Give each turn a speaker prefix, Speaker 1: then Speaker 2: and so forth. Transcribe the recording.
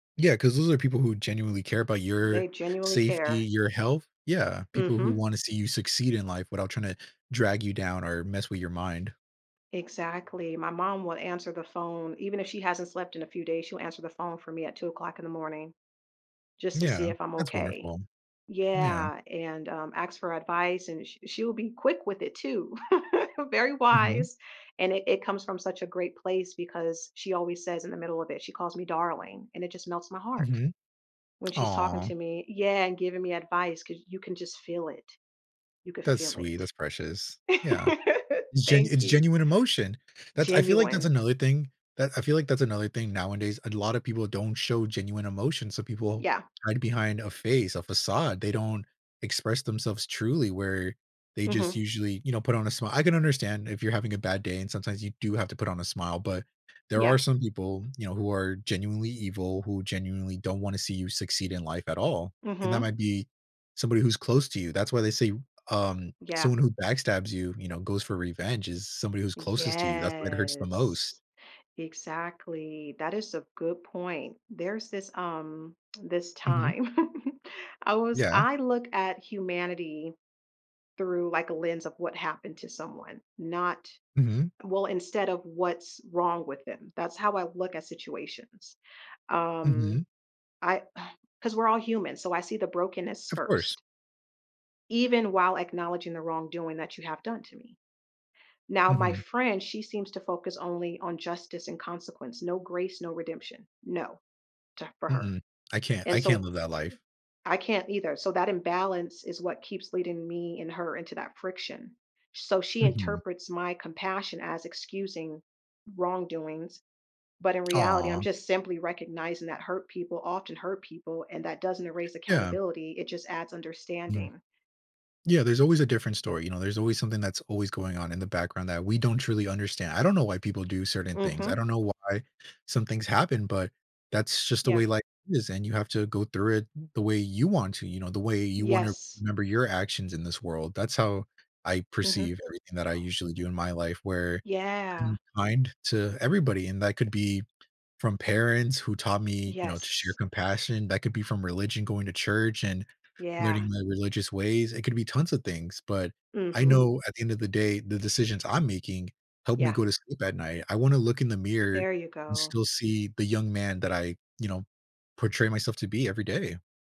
Speaker 1: Yeah, 'cause those are people who genuinely care about your
Speaker 2: They genuinely
Speaker 1: safety,
Speaker 2: care.
Speaker 1: your health. Yeah, people who
Speaker 2: Mhm.
Speaker 1: wanna see you succeed in life without tryna drag you down or mess with your mind.
Speaker 2: Exactly, my mom will answer the phone, even if she hasn't slept in a few days, she'll answer the phone for me at 2:00 in the morning, just to see
Speaker 1: Yeah.
Speaker 2: if I'm
Speaker 1: That's
Speaker 2: okay.
Speaker 1: wonderful. Yeah.
Speaker 2: Yeah, and, um, ask for advice and she she will be quick with it too. Very
Speaker 1: Mhm.
Speaker 2: wise, and i it comes from such a great place because she always says in the middle of it, she calls me "darling," and it just melts my heart
Speaker 1: Mhm.
Speaker 2: when she's talking
Speaker 1: Aw.
Speaker 2: to me Yeah, and giving me advice 'cause you can just feel it, you could
Speaker 1: That's
Speaker 2: feel
Speaker 1: sweet,
Speaker 2: it.
Speaker 1: that's precious. Yeah, it's gen
Speaker 2: Thank
Speaker 1: it's
Speaker 2: you.
Speaker 1: genuine emotion! That's I feel like that's
Speaker 2: Genuine.
Speaker 1: another thing, that I feel like that's another thing nowadays, and lotta people don't show genuine emotion, so people
Speaker 2: Yeah.
Speaker 1: hide behind a face, a facade, they don't express themselves truly where they just
Speaker 2: Mhm.
Speaker 1: usually, you know, put on a smi I can understand if you're having a bad day and sometimes you do have to put on a smile, but, there are
Speaker 2: Yeah.
Speaker 1: some people, you know, who are genuinely evil, who genuinely don't wanna see you succeed in life at all, and that might
Speaker 2: Mhm.
Speaker 1: be somebody who's close to you. That's why they say, um,
Speaker 2: Yeah.
Speaker 1: someone who backstabs you, you know, goes for revenge, is somebody who's closest to you, that's why it hurts the most.
Speaker 2: Yes, exactly. That is a good point. There's this, um this
Speaker 1: Mhm.
Speaker 2: time, I was
Speaker 1: Yeah.
Speaker 2: I look at humanity through, like, a lens of what happened to someone, not
Speaker 1: Mhm.
Speaker 2: Well, instead of what's wrong with them. That's how I look at situations. Um,
Speaker 1: Mhm.
Speaker 2: I 'cause we're all human, so I see the brokenness
Speaker 1: Of course.
Speaker 2: first even while acknowledging the wrongdoing that you have done to me. Now, my
Speaker 1: Mhm.
Speaker 2: friend, she seems to focus only on justice and consequence, no grace, no redemption, no, to for her.
Speaker 1: Mm-mm, I can't
Speaker 2: And,
Speaker 1: I can't
Speaker 2: so
Speaker 1: live that life.
Speaker 2: I can't either, so that imbalance is what keeps leading me and her into that friction. So, she
Speaker 1: Mhm.
Speaker 2: interprets my compassion as excusing wrongdoings, but in reality, I'm
Speaker 1: Aw.
Speaker 2: just simply recognizing that hurt people often hurt people, and that doesn't erase
Speaker 1: Yeah.
Speaker 2: accountability, it just adds
Speaker 1: Mhm.
Speaker 2: understanding.
Speaker 1: Yeah, there's always a different story, you know, there's always something that's always going on in the background that we don't truly understand. I don't know why people do certain things, I
Speaker 2: Mhm.
Speaker 1: don't know why some things happen, but, that's just the
Speaker 2: Yeah.
Speaker 1: way life is, and you have to go through it the way you want to, you know, the way you wanna
Speaker 2: Yes.
Speaker 1: remember your actions in this world. That's how I perceive
Speaker 2: Mhm.
Speaker 1: everything that I usually do in my life, where
Speaker 2: Yeah.
Speaker 1: I'm kind to everybody, and that could be from parents who taught me, you know, to share
Speaker 2: Yes.
Speaker 1: compassion, that could be from religion, going to church and
Speaker 2: Yeah.
Speaker 1: learning my religious ways, it could be tons of things, but I
Speaker 2: Mhm.
Speaker 1: know at the end of the day, the decisions I'm making help me
Speaker 2: Yeah.
Speaker 1: go to sleep at night. I wanna look in the mirror,
Speaker 2: There you
Speaker 1: and
Speaker 2: go.
Speaker 1: still see the young man that I, you know, portray myself to be every day.